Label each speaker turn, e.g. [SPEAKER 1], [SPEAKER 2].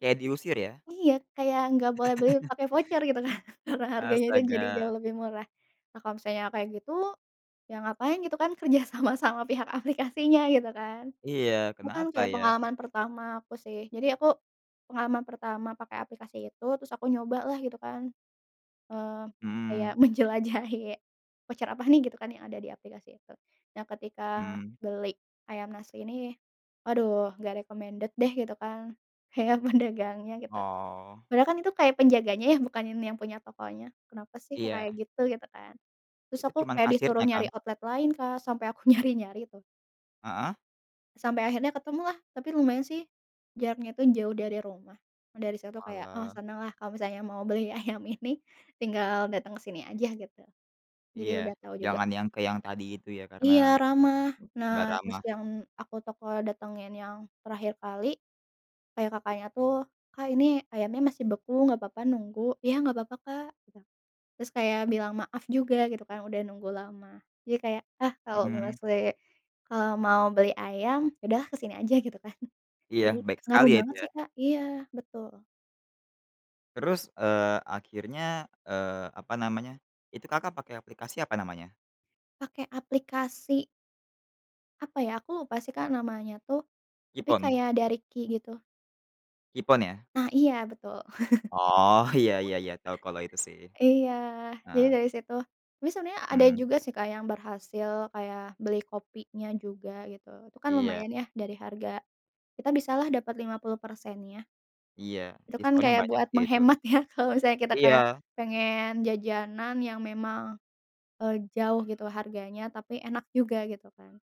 [SPEAKER 1] Kayak diusir ya.
[SPEAKER 2] Iya, kayak enggak boleh beli pakai voucer gitu kan, karena harganya kan jadi
[SPEAKER 1] Astaga.
[SPEAKER 2] jauh lebih murah. Nah, kalau misalnya kayak gitu, ya ngapain gitu kan kerja sama, sama pihak aplikasinya gitu kan.
[SPEAKER 1] Iya,
[SPEAKER 2] Bukan
[SPEAKER 1] kenapa
[SPEAKER 2] kayak
[SPEAKER 1] ya?
[SPEAKER 2] pengalaman pertama aku sih, jadi aku pengalaman pertama pakai aplikasi itu, terus aku nyoba lah gitu kan, eee, kayak
[SPEAKER 1] Mhm.
[SPEAKER 2] menjelajahi "Voucher apa nih," gitu kan yang ada di aplikasi itu. Nah ketika
[SPEAKER 1] Mhm.
[SPEAKER 2] beli ayam nasi ini, aduh gak recommended deh gitu kan, kayak pedagangnya gitu.
[SPEAKER 1] Oh.
[SPEAKER 2] Padahal kan itu kayak penjaganya ya, bukan yang punya tokonya. Kenapa sih kok
[SPEAKER 1] Iya.
[SPEAKER 2] kayak gitu? Gitu kan. Terus
[SPEAKER 1] Itu
[SPEAKER 2] aku
[SPEAKER 1] cuman
[SPEAKER 2] kayak disuruh
[SPEAKER 1] kasirnya
[SPEAKER 2] nyari
[SPEAKER 1] kan?
[SPEAKER 2] outlet lain, Kak, sampai aku nyari-nyari tuh.
[SPEAKER 1] Heeh.
[SPEAKER 2] Sampai akhirnya ketemu lah, tapi lumayan sih, jaraknya itu jauh dari rumah, dari situ kayak, oh
[SPEAKER 1] Oalah.
[SPEAKER 2] seneng lah kalau misalnya mau beli ayam ini tinggal datang ke sini aja gitu. Jadi
[SPEAKER 1] Iya,
[SPEAKER 2] udah tau juga.
[SPEAKER 1] jangan yang ke yang tadi itu ya karena,
[SPEAKER 2] Iya ramah. Nah
[SPEAKER 1] enggak
[SPEAKER 2] terus
[SPEAKER 1] ramah.
[SPEAKER 2] yang aku toko datengin yang terakhir kali, kayak kakaknya tuh, "Kak, ini ayamnya masih beku nggak papa nunggu?" "Iya nggak papa, Kak," gitu. Terus kayak bilang maaf juga gitu kan, udah nunggu lama. Jadi kayak, ah kalau males
[SPEAKER 1] Mhm.
[SPEAKER 2] li kalau mau beli ayam, ya udah ke sini aja gitu kan.
[SPEAKER 1] Iya,
[SPEAKER 2] Jadi,
[SPEAKER 1] baik sekali
[SPEAKER 2] ngaruh
[SPEAKER 1] ya itu
[SPEAKER 2] banget
[SPEAKER 1] ya.
[SPEAKER 2] sih, Kak, iya betul.
[SPEAKER 1] Terus, eee, akhirnya, eee, apa namanya, itu Kakak pakai aplikasi apa namanya?
[SPEAKER 2] Pakai aplikasi apa ya, aku lupa sih, Kak, namanya tuh, tapi
[SPEAKER 1] Qpon.
[SPEAKER 2] kayak dari Q gitu.
[SPEAKER 1] Qpon ya.
[SPEAKER 2] Nah, iya betul.
[SPEAKER 1] Oh, iya iya iya, tau kalau itu sih.
[SPEAKER 2] Iya, jadi
[SPEAKER 1] Heeh.
[SPEAKER 2] dari situ tapi sebenarnya ada
[SPEAKER 1] Mhm.
[SPEAKER 2] juga sih, Kak, yang berhasil kayak beli kopinya juga gitu, itu kan
[SPEAKER 1] Iya.
[SPEAKER 2] lumayan ya dari harga kita bisalah dapat 50%-nya.
[SPEAKER 1] Iya.
[SPEAKER 2] Itu kan
[SPEAKER 1] Diskonnya
[SPEAKER 2] kayak
[SPEAKER 1] banyak
[SPEAKER 2] buat
[SPEAKER 1] sih itu.
[SPEAKER 2] menghemat ya kalau misalnya kita kayak
[SPEAKER 1] Iya.
[SPEAKER 2] pengen jajanan yang memang, eee, jauh gitu harganya, tapi enak juga gitu kan.